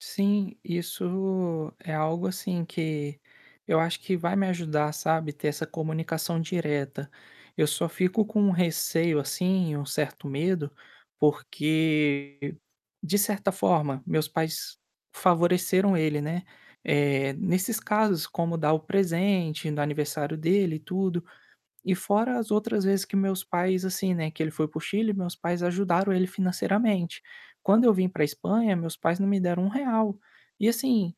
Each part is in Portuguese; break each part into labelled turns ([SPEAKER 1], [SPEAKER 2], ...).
[SPEAKER 1] Sim, isso é algo, assim, que eu acho que vai me ajudar, sabe, ter essa comunicação direta. Eu só fico com receio, assim, um certo medo, porque, de certa forma, meus pais favoreceram ele, né. Eh, nesses casos, como dar o presente no aniversário dele e tudo. E fora as outras vezes que meus pais, assim, né, que ele foi para o Chile, meus pais ajudaram ele financeiramente. Quando eu vim pra Espanha, meus pais não me deram R$ 1,00. E, assim,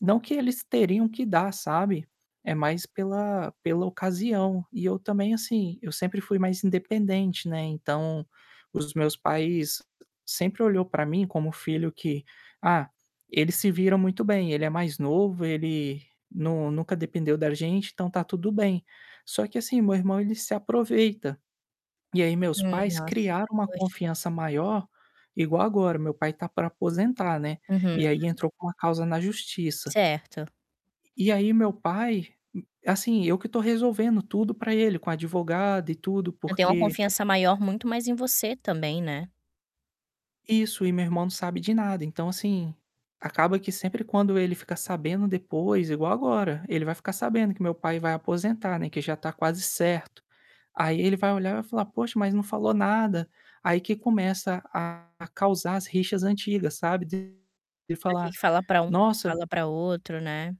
[SPEAKER 1] não que eles teriam que dar, sabe, é mais pela, pela ocasião. E eu também, assim, eu sempre fui mais independente, né, então os meus pais sempre olhou pra mim como o filho que: "Ah, ele se vira muito bem, ele é mais novo, ele nu nunca dependeu da gente, então tá tudo bem." Só que, assim, meu irmão, ele se aproveita. E aí meus
[SPEAKER 2] Ai,
[SPEAKER 1] pais
[SPEAKER 2] nossa.
[SPEAKER 1] criaram uma
[SPEAKER 2] Poxa.
[SPEAKER 1] confiança maior igual agora, meu pai tá pra aposentar, né,
[SPEAKER 2] Uhum.
[SPEAKER 1] e aí entrou com uma causa na Justiça.
[SPEAKER 2] Certo.
[SPEAKER 1] E aí meu pai assim, eu que tô resolvendo tudo pra ele, com advogado e tudo,
[SPEAKER 2] Então, tem uma
[SPEAKER 1] porque
[SPEAKER 2] confiança maior muito mais em você também, né.
[SPEAKER 1] Isso, e meu irmão não sabe de nada. Então, assim, acaba que sempre quando ele fica sabendo depois igual agora, ele vai ficar sabendo que meu pai vai aposentar, né, que já tá quase certo. Aí, ele vai olhar e vai falar: "Poxa, mas não falou nada". Aí que começa a causar as rixas antigas, sabe, dele
[SPEAKER 2] Do quem
[SPEAKER 1] falar:
[SPEAKER 2] fala pra um, não
[SPEAKER 1] "Nossa".
[SPEAKER 2] fala pra outro, né.